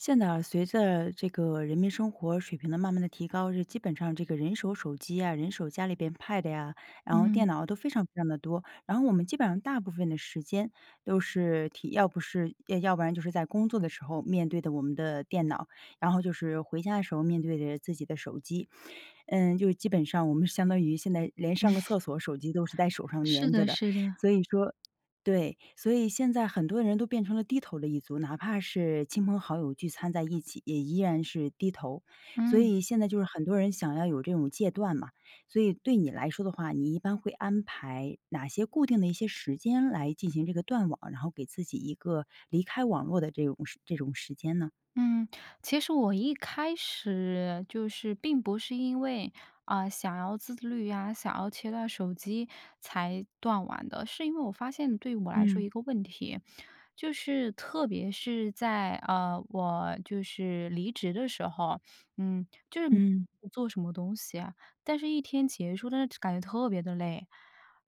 现在啊，随着这个人民生活水平的慢慢地提高，这基本上这个人手手机呀，人手家里边 Pad 呀，然后嗯。电脑都非常非常得多。然后我们基本上大部分的时间都是体要不是，呃要不然就是在工作的时候面对的我们的电脑，然后就是回家的时候面对着自己的手机。嗯，就基本上我们相当于现在连上个厕所，手机都是在 手上是粘着的的，是的。所以说对，所以现在很多人都变成了低头的一族。哪怕是亲朋好友聚餐在一起，也依然是低头。所嗯。以现在就是很多人想要有这种戒断嘛。所以对你来说的话，你一般会安排哪些固定的一些时间来进行这个断网，然后给自己一个离开网络的这种时这种时间呢？嗯。其实我一开始，就是并不是因为，嗯，想要自律呀，想要切断手机才断网的。是因为我发现对我来说一嗯。个问题，就是特别是在，呃，我就是离职的时候，嗯，就是 [unintelligible] 嗯。做什么东西呀。但是一天结束 [unintelligible] 感觉特别地累，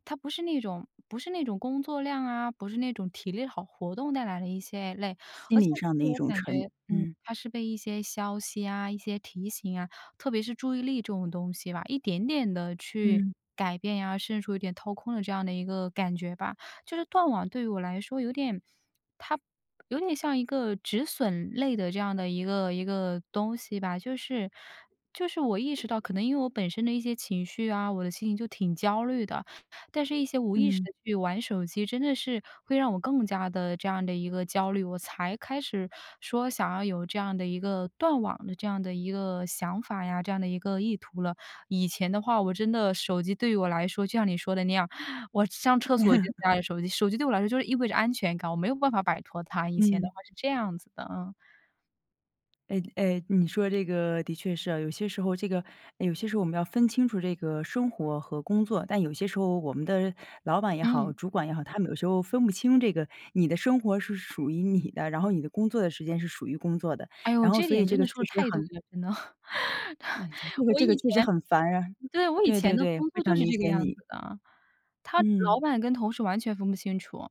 它不是那种不是那种工作量啊，不是那种体力好活动带来的一些累。心理 [unintelligible] 上的自一我种感觉沉嗯，嗯。它是被一些消息呀、一些提醒啊，特别是注意力这种东西吧，一点点地去嗯。改变呀，甚至有点掏空了这样的一个感觉吧。就是断网对于我来说有点它有点像一个止损类的这样的一个一个东西吧。就是就是我意识到，可能因为我本身的一些情绪啊，我的心情就挺焦虑的。但是一些无意识嗯。地去玩手机真的是会让我更加地这样的一个焦虑，我才开始说想要有这样的一个断网的这样的一个想法呀，这样的一个意图了。以前的话，我真的手机对于我来说，就像你说的那样，我上厕所就带着手机。手机对我来说就意味着安全感，我没有办法摆脱它。以前的嗯。话是这样子的，嗯。哎哎，你说这个的确是啊。有些时候，这个哎，有些时候我们要分清楚这个生活和工作。但有些时候我们的老板也嗯。好、主管也好，他们有时候分不清这个你的生活是属于你的，然后你的工作的时间是属于工作的，哎哟，然后这所以点这真的个说确得实太对很了，真的。嗯，对，这个我这个以确实前很烦啊，对，我以对前对的对，工非作就常是理这个解样你。子的。他嗯。老板跟同事完全分不清楚。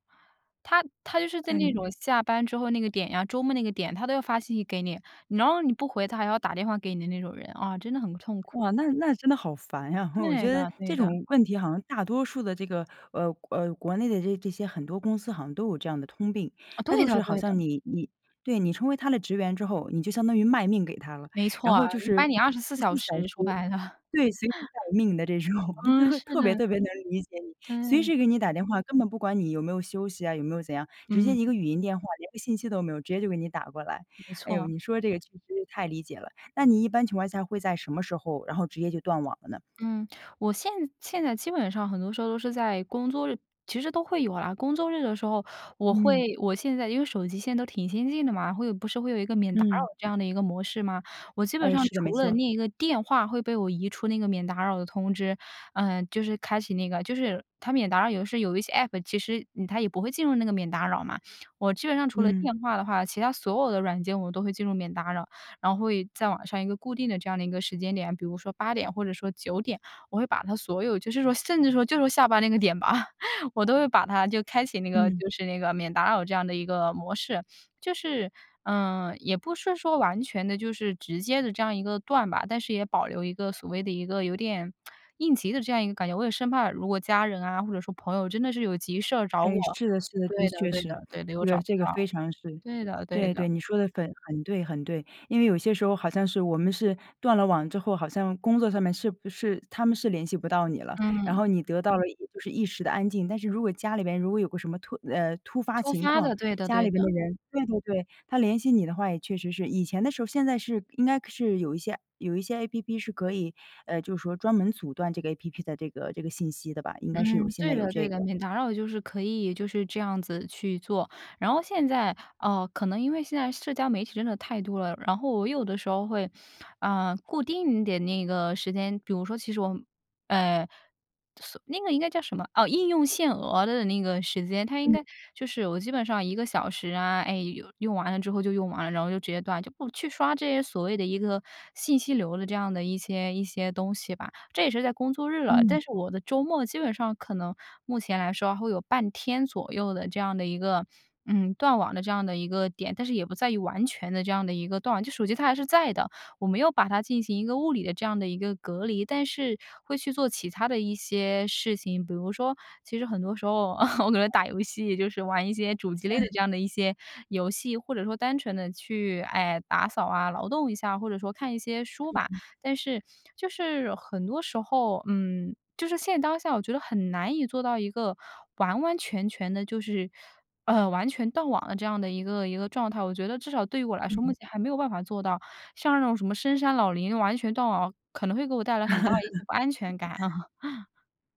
他他就是在那嗯。种下班之后那个点呀周末那个点，他都要发信息给你，然后你不回他还要打电话给你的那种人，啊，真的很痛苦。哇，那那真的好烦呀，我对觉得的，对这的。种问题好像大多数的这个，呃，呃，国内的这这些很多公司好像都有这样的通病。啊，它对就是的好对像的。你你对，你成为他的职员之后，你就相当于卖命给他了。没然错，后就一是般你24二十小四小时，说时白了。对，随时 待命的这种。我嗯，都是特别的。特别能理解你，随对。时给你打电话，根本不管你有没有休息啊、有没有怎样。直接嗯。一个语音电话，连个信息都没有，直接就给你打过来。没哎哟，错。你说的这个确实太理解了，那你一般情况下会在什么时候，然后直接就断网了呢？嗯，我现现在基本上很多时候都是在工作日其实都会有啊工作日的时候我嗯。会我现在因为手机现在都挺先进的嘛。会有不是会有一个免打扰嗯。这样的一个模式吗？我基本哎，上是的，没除了错。那一个电话会被我移出那个免打扰的通知，呃，就是开启那个就是它免打扰有的时候有一些 App 其实，嗯，它也不会进入那个免打扰嘛。我基本上除了电嗯。话的话，其它所有的软件我都会进入免打扰。然后也在晚上一个固定的这样的一个时间点，比如说8:00或者说9:00，我会把它所有就是说甚至说就是说下班那个点吧。我都会把它就开启那个嗯。就是那个免打扰这样的一个模式。就是嗯，也不是说完全地就是直接地这样一个断吧，但是也保留一个所谓的一个有点 应急的这样一个感觉。我也生怕如果家人啊，或者说朋友真的是有急事儿找我哎，是的是的，的对的确对的是。对的，又这找个不这个到，非常是对的对对的。对，你说得很很对很对。因为有些时候好像是我们是断了网之后，好像工作上面是不是他们是联系不到你了，然嗯。后你得到了也就是一时的安静，但是如果家里边如果有个什么突呃，突发突情发况，的，对的家对里的。边的人对对对，他联系你的话也确实是。以前的时候现在是应该是有一些有一些 APP 是可以呃，就是说专门阻断这个 APP 的这个这个信息的吧？应该是有嗯，现对在有的对这的，个。免打扰就是可以就是这样子去做。然后现在呃，可能因为现在社交媒体真的太多了，然后我有的时候会，呃，固定的那个时间比如说其实我们呃，锁那个应该叫什么哦，应用限额的那个时间，它应嗯。该就是我基本上1个小时啊，哎，用用完了之后就用完了，然后就直接断。就不去刷这些所谓的一个信息流的这样的一些一些东西吧。这也是在工作日了，嗯。但是我的周末基本上可能目前来说会有半天左右的这样的一个，嗯，断网的这样的一个点。但是也不在于完全的这样的一个断，就手机它还是在的，我没有把它进行一个物理的这样的一个隔离。但是会去做其它的一些事情。比如说其实很多时候，哦，我可能打游戏，就是玩一些主机类的嗯。这样的一些游戏，或者说单纯地去，哎，打扫啊、劳动一下，或者说看一些书嗯吧。嗯。但是就是很多时候嗯，就是现当下，我觉得很难以做到一个完完全全的就是呃，完全断网的这样的一个一个状态。我觉得至少对于我来说，目嗯。前还没有办法做到，像那种什么深山老林、完全断网，可能会给我带来很大的一些不安全感，啊。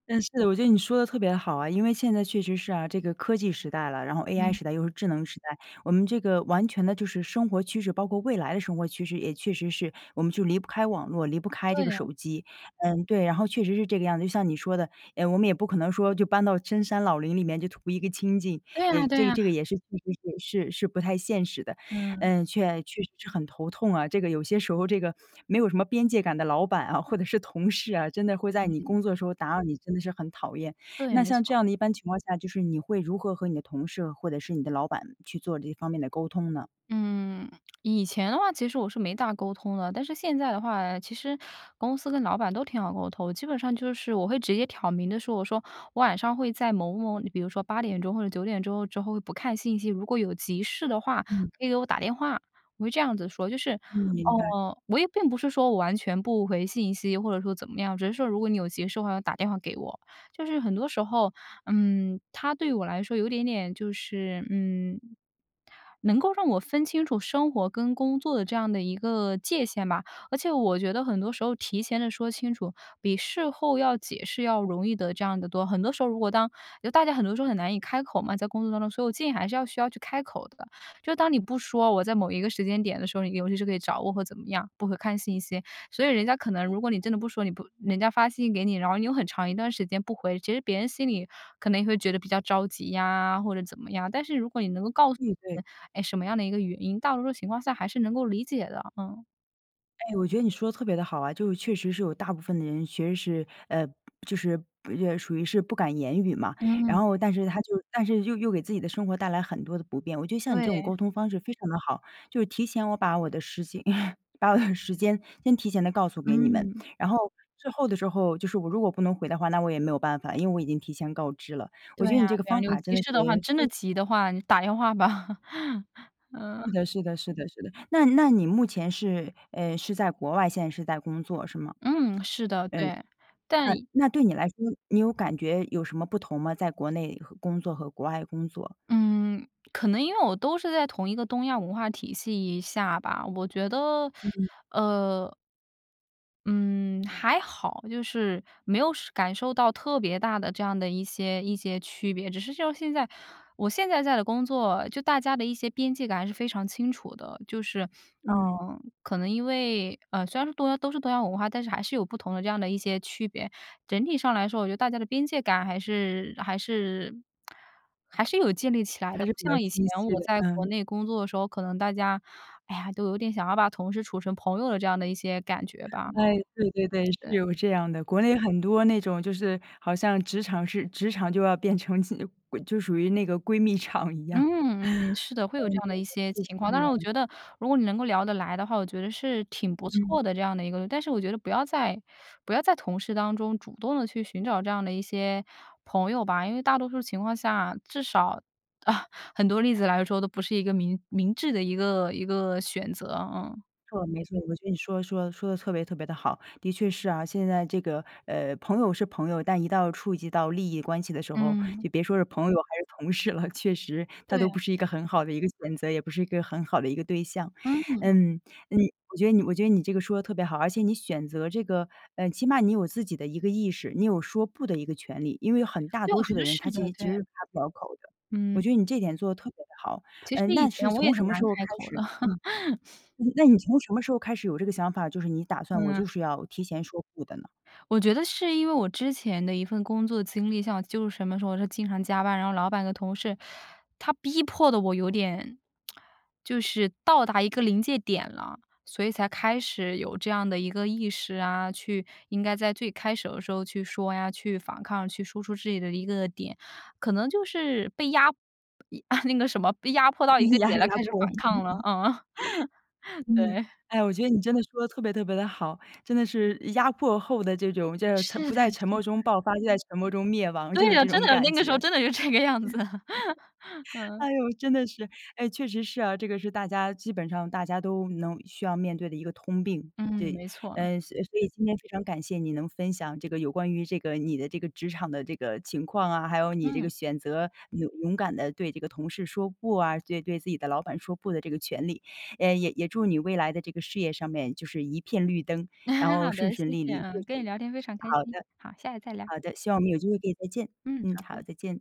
嗯，是的，我觉得你说得特别好啊，因为现在确实是啊，这个科技时代了，然后 AI 嗯。时代，又是智能时代，我们这个完全的就是生活趋势，包括未来的生活趋势，也确实是我们就离不开网络，离不开这个对啊。手机。嗯，对，然后确实是这个样子，就像你说的，诶，我们也不可能说就搬到深山老林里面，就图一个清静，对啊也对这个啊。这个也是确实是是是不太现实的。嗯。呃，确确实是很头痛啊，这个有些时候这个没有什么边界感的老板啊，或者是同事啊，真的会在你嗯。工作的时候打扰你，真的是很讨厌。对，那没像错这儿。样的一般情况下，就是你会如何和你的同事或者是你的老板去做这方面的沟通呢？嗯，以前的话其实我是没大沟通的，但是现在的话啊，其实公司跟老板都挺好沟通，基本上就是，我会直接挑明地说。我说：“我晚上会在某某”你比如说8点钟或者9点之后之后不看信息，如果有急事的话，嗯。可以给我打电话，我会这样子说。就是，嗯，明白。哦，我也并不是说我完全不回信息或者说怎么样，只是说如果你有急事的话，要打电话给我。就是很多时候，嗯，它对我来说有一点点就是，嗯，能够让我分清楚生活跟工作的这样的一个界限吧。而且我觉得很多时候提前地说清楚，比事后要解释要容易得这样得多。很多时候，如果当就大家很多时候很难以开口嘛，在工作当中，所以我建议还是要需要去开口的。就当你不说我在某一个时间点的时候，你比如是可以找我或怎么样，不会看信息，所以人家可能如果你真的不说，你不人家发信息给你，然后你又很长一段时间不回，其实别人心里可能也会觉得比较着急呀，或者怎么样。但是如果你能够告诉预别备。人，哎，什么样的一个原因，大多数情况下还是能够理解的。嗯。诶，我觉得你说得特别地好啊，就是确实是有大部分的人其实是，呃，就是不也属于是不敢言语嘛。然嗯。后但是他就但是又又给自己的生活带来很多的不便。我觉得像你这种对。沟通方式非常地好，就是提前我把我的时间 把我的时间先提前地告诉给你们，嗯。然后最后的时候就是我如果不能回的话，那我也没有办法，因为我已经提前告知了，我对觉得啊你这个对啊，方有法真急的是事的话，真的 [unintelligible] 急的话，你打电话吧。是嗯。的是的是的是的。那那你目前是，嗯，是在国外，现在是在工作是吗？嗯，是的，呃，对。但那那对你来说你有感觉有什么不同吗？在国内和工作和国外工作。嗯，可能因为我都是在同一个东亚文化体系下吧。我觉得嗯。呃。嗯，还好。就是没有是感受到特别大的这样的一些一些区别，只是就像现在，我现在在的工作，就大家的一些边界感还是非常清楚的。就是，嗯。嗯，可能因为，呃，虽然说东亚都是东亚文化，但是还是有不同的这样的一些区别。整体上来说，我觉得大家的边界感还是还是还是有建立起来的，还不是比较像以前清晰我的，在国嗯。内工作的时候，可能大家，哎呀，都有点想要把同事处成朋友的这样的一些感觉吧。诶，对对对，对。是有这样的。国内很多那种就是好像职场是职场就要变成近呃，闺就属于那个闺蜜场一样。嗯嗯，是的，会有嗯，这对样的一些对，就是情况。这当然我样。觉得如果你能够聊得来的话，我觉得是挺不嗯。错的这样的一个但是我觉得不要在不要在同事当中主动地去寻找这样的一些朋友吧，因为大多数情况下至少 很多例子来说都不是一个明明智的一个一个选择，嗯。没错没错，我觉得你说说说得特别特别地好。的确是啊，现在这个，呃，朋友是朋友，但一到触及到利益关系的时候，嗯。你别说是朋友还是同事了，确实他都对。不是一个很好的一个选择，也不是一个很好的一个对象。嗯。嗯嗯，我觉得你我觉得你这个说得特别好，而且你选择这个嗯，起码你有自己的一个意识，你有说不的一个权利。因为很大对，多我觉数的得人是他其的，实其对。实开不了口的。我嗯。觉得你这点做得特别地好，其实嗯，那以是前我也从很什么时难候开开口的。始嗯，那那你从什么时候开始有这个想法，就是你打算我就嗯。是要提前说“不”的呢？我觉得是因为我之前的一份工作经历，像我就是什么时候我是经常加班，然后老板和同事，他逼迫得我有点，就是到达一个临界点了。所以才开始有这样的一个意识啊，去应该在最开始的时候去说呀、去反抗、去说出自己的一个点。可能就是被压一那个什么被压迫到一个压点了压开始迫。反抗了，嗯，嗯。对。哎，我觉得你真的说得特别特别地好，真的是压迫后的这种就是沉是不的在沉是默的。中爆发，就在沉默中灭亡，就对是啊，这真种的，那感个时觉。候真的就这个样子。哎嗯。哟，真的是，诶，确实是啊，这个是大家基本上大家都能需要面对的一个通病。嗯，对，没错。呃，所所以今天非常感谢你能分享这个有关于这个你的这个职场的这个情况啊，还有你这个嗯。选择勇勇敢地对这个同事说“不”啊，对对自己的老板说“不”的这个权利。呃，也也祝你未来的这个事业上面就是一片绿灯，然 后好顺的，谢顺利谢利。啊。跟你聊天非常开好心。的。好，下次再聊。好的，希望我们有机会可以再见，嗯，嗯，好好，的。再见。